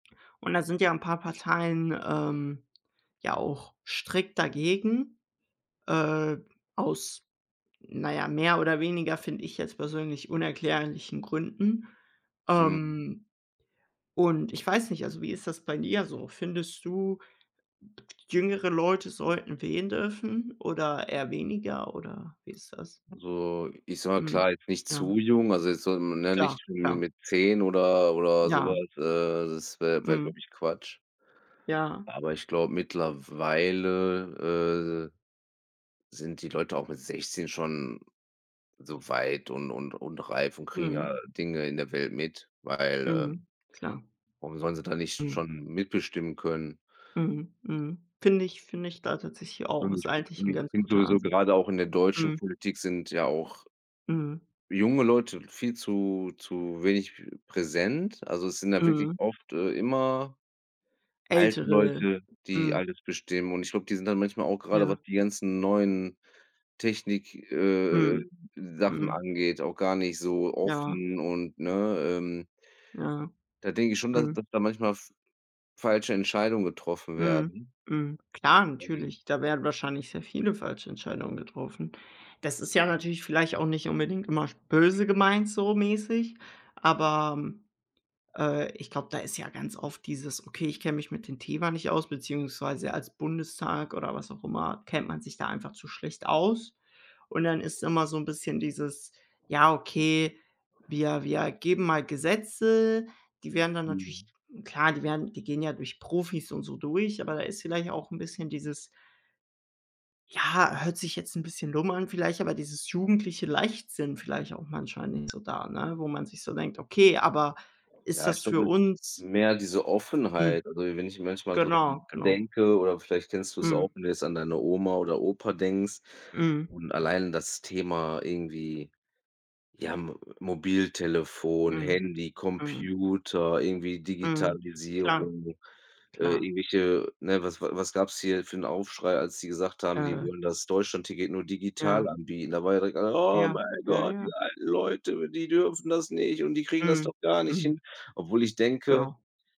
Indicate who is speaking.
Speaker 1: Und da sind ja paar 'n Parteien, ähm, ja auch strikt dagegen, äh, aus na ja, mehr oder weniger, finde ich jetzt persönlich, unerklärlichen Gründen,
Speaker 2: Mhm.
Speaker 1: ähm, und ich weiß nicht, also wie ist das bei dir so? Findest du, jüngere Leute sollten wählen dürfen oder eher weniger oder wie ist das?
Speaker 2: So, ich sage,
Speaker 1: Mhm.
Speaker 2: klar, nicht
Speaker 1: Ja.
Speaker 2: zu jung, also jetzt soll man, ne,
Speaker 1: Klar,
Speaker 2: nicht
Speaker 1: ja.
Speaker 2: mit 10 oder oder so was.
Speaker 1: Ja.
Speaker 2: Äh, das wär wär,
Speaker 1: Mhm.
Speaker 2: glaube ich, Quatsch,
Speaker 1: Ja.
Speaker 2: aber ich glaube, mittlerweile, äh, sind die Leute auch mit 16 schon so weit und und und reif und kriegen ja
Speaker 1: Mhm.
Speaker 2: Dinge in der Welt mit, weil, äh
Speaker 1: Mhm. Klar.
Speaker 2: warum sollen sie da nicht
Speaker 1: Mhm.
Speaker 2: schon mitbestimmen können?
Speaker 1: Mhm. Mhm. Finde ich finde ich da tatsächlich auch,
Speaker 2: Und
Speaker 1: ist eigentlich
Speaker 2: [unintelligible]
Speaker 1: 'n
Speaker 2: ich
Speaker 1: ganz
Speaker 2: finde
Speaker 1: guter
Speaker 2: sowieso,
Speaker 1: Ansatz.
Speaker 2: grade auch in der deutschen
Speaker 1: Mhm.
Speaker 2: Politik sind ja auch
Speaker 1: Mhm.
Speaker 2: junge Leute viel zu zu wenig präsent. Also, es sind ja wirklich
Speaker 1: Mhm.
Speaker 2: oft, äh immer alte
Speaker 1: Ältere
Speaker 2: Leute, die
Speaker 1: mhm.
Speaker 2: alles bestimmen und ich glaube, die sind dann manchmal auch gerade,
Speaker 1: Ja.
Speaker 2: was die ganzen neuen Technik, äh äh
Speaker 1: Mhm.
Speaker 2: äh, Sachen
Speaker 1: Mhm.
Speaker 2: angeht, auch gar nicht so
Speaker 1: Ja.
Speaker 2: offen und ne, ähm
Speaker 1: Ja.
Speaker 2: Da denke ich schon, dass
Speaker 1: Mhm.
Speaker 2: dass da manchmal f falsche Entscheidungen getroffen
Speaker 1: Mhm.
Speaker 2: werden.
Speaker 1: Mhm. Klar
Speaker 2: [unintelligible]
Speaker 1: natürlich, da werden wahrscheinlich sehr viele falsche Entscheidungen getroffen. Das ist ja natürlich vielleicht auch nicht unbedingt immer sch böse gemeint so mäßig, aber, äh, ich glaube, da ist ja ganz oft dieses: „Okay, ich kenne mich mit dem Thema nicht aus“, beziehungsweise als Bundestag oder was auch immer kennt man sich da einfach zu schlecht aus und dann ist immer so 'n bisschen dieses: „Ja, okay, wir wir geben mal Gesetze.“ Die werden dann natürlich
Speaker 2: Mhm.
Speaker 1: klar, die werden die gehen ja durch Profis und so durch, aber da ist vielleicht auch 'n bisschen dieses ja, hört sich jetzt bisschen dumm an vielleicht, aber dieses jugendliche Leichtsinn vielleicht auch manchmal nicht so da, ne, wo man sich so denkt: „Okay, aber ist
Speaker 2: Ja, ich
Speaker 1: das für
Speaker 2: glaube, es ist
Speaker 1: uns“
Speaker 2: mehr diese
Speaker 1: Hm.
Speaker 2: Offenheit. Also wenn ich manchmal so
Speaker 1: Genau,
Speaker 2: dran
Speaker 1: genau.
Speaker 2: denke oder vielleicht kennst du es auch,
Speaker 1: Mhm.
Speaker 2: wenn du jetzt an deine Oma oder Opa denkst
Speaker 1: Mhm.
Speaker 2: und allein das Thema irgendwie, ja, Mo Mobiltelefon,
Speaker 1: Mhm.
Speaker 2: Handy,
Speaker 1: Mhm.
Speaker 2: Computer, irgendwie
Speaker 1: Mhm. Klar,
Speaker 2: Digitalisierung, äh,
Speaker 1: klar.
Speaker 2: irgendwelche, ne, was wa was gab's hier für 'n Aufschrei, als sie gesagt haben, die
Speaker 1: Äh
Speaker 2: wollen das Deutschlandticket nur
Speaker 1: Ja.
Speaker 2: digital anbieten? Da war ja direkt alle: „Oh
Speaker 1: Ja,
Speaker 2: mein
Speaker 1: ja,
Speaker 2: Gott,
Speaker 1: ja.
Speaker 2: die alten Leute, die dürfen das nicht und die kriegen das
Speaker 1: Mhm.
Speaker 2: doch gar nicht
Speaker 1: Mhm.
Speaker 2: hin“, obwohl ich denke
Speaker 1: Genau.